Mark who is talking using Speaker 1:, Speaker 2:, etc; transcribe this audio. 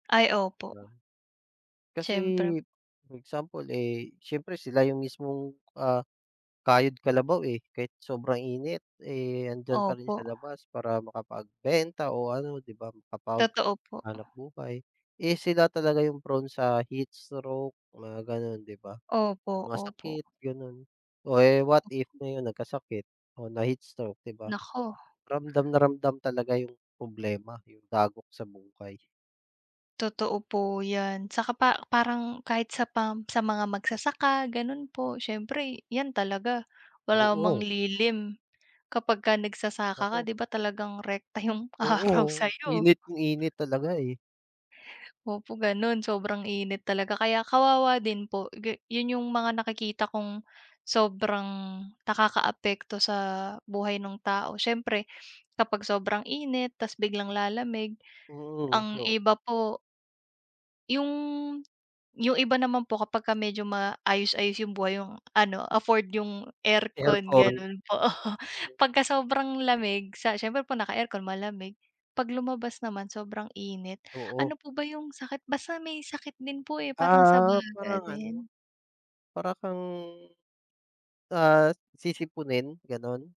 Speaker 1: Ay,
Speaker 2: 'Di
Speaker 1: opo.
Speaker 2: ba? Kasi,
Speaker 1: Siyempre.
Speaker 2: example eh, siyempre sila yung mismong, ah, kayod-kalabaw, eh. Kahit sobrang init, eh, andiyan pa rin sa
Speaker 1: Opo.
Speaker 2: labas, para makapagbenta o ano, 'di ba?
Speaker 1: Totoo po.
Speaker 2: Makapaghanap buhay. Eh, sila talaga yung prone sa heatstroke, na gano'n, 'di ba?
Speaker 1: Opo,
Speaker 2: Mga
Speaker 1: opo.
Speaker 2: sakit, gano'n. O eh, what if, ngayon nagkasakit, o na-heatstroke, di ba?
Speaker 1: Naku.
Speaker 2: Ramdam na ramdam talaga yung problema, yung dagok sa buhay.
Speaker 1: Totoo po yan. Tsaka pa parang kahit sa pam sa mga magsasaka, gano'n po. Siyempre yan talaga, wala mang
Speaker 2: Oo.
Speaker 1: lilim kapagka nagsasaka ka,
Speaker 2: Naku.
Speaker 1: 'di ba, talagang rekta yung araw
Speaker 2: Oo.
Speaker 1: sa'yo.
Speaker 2: Init kung init talaga eh.
Speaker 1: Opo, gano'n, sobrang init talaga. Kaya, kawawa din po, gi 'yon yung mga nakikita kong, sobrang nakakaapekto sa buhay no'ng tao. Siyempre, kapag sobrang init, tas biglang lalamig,
Speaker 2: Mhm,
Speaker 1: ang
Speaker 2: o
Speaker 1: iba po Yung yung iba naman po, kapagka medyo, maayos-ayos yung buhay, yung ano, afford yung aircon,
Speaker 2: Aircon.
Speaker 1: gano'n po. Pagka sobrang lamig, sa siyempre po naka-aircon malamig. 'Pag lumabas naman sobrang init,
Speaker 2: Oo.
Speaker 1: ano po ba yung sakit? Basta may sakit din po eh, parang sa
Speaker 2: Ah,
Speaker 1: baga
Speaker 2: parang ano.
Speaker 1: din.
Speaker 2: Para kang, ah, sisiponin, gano'n?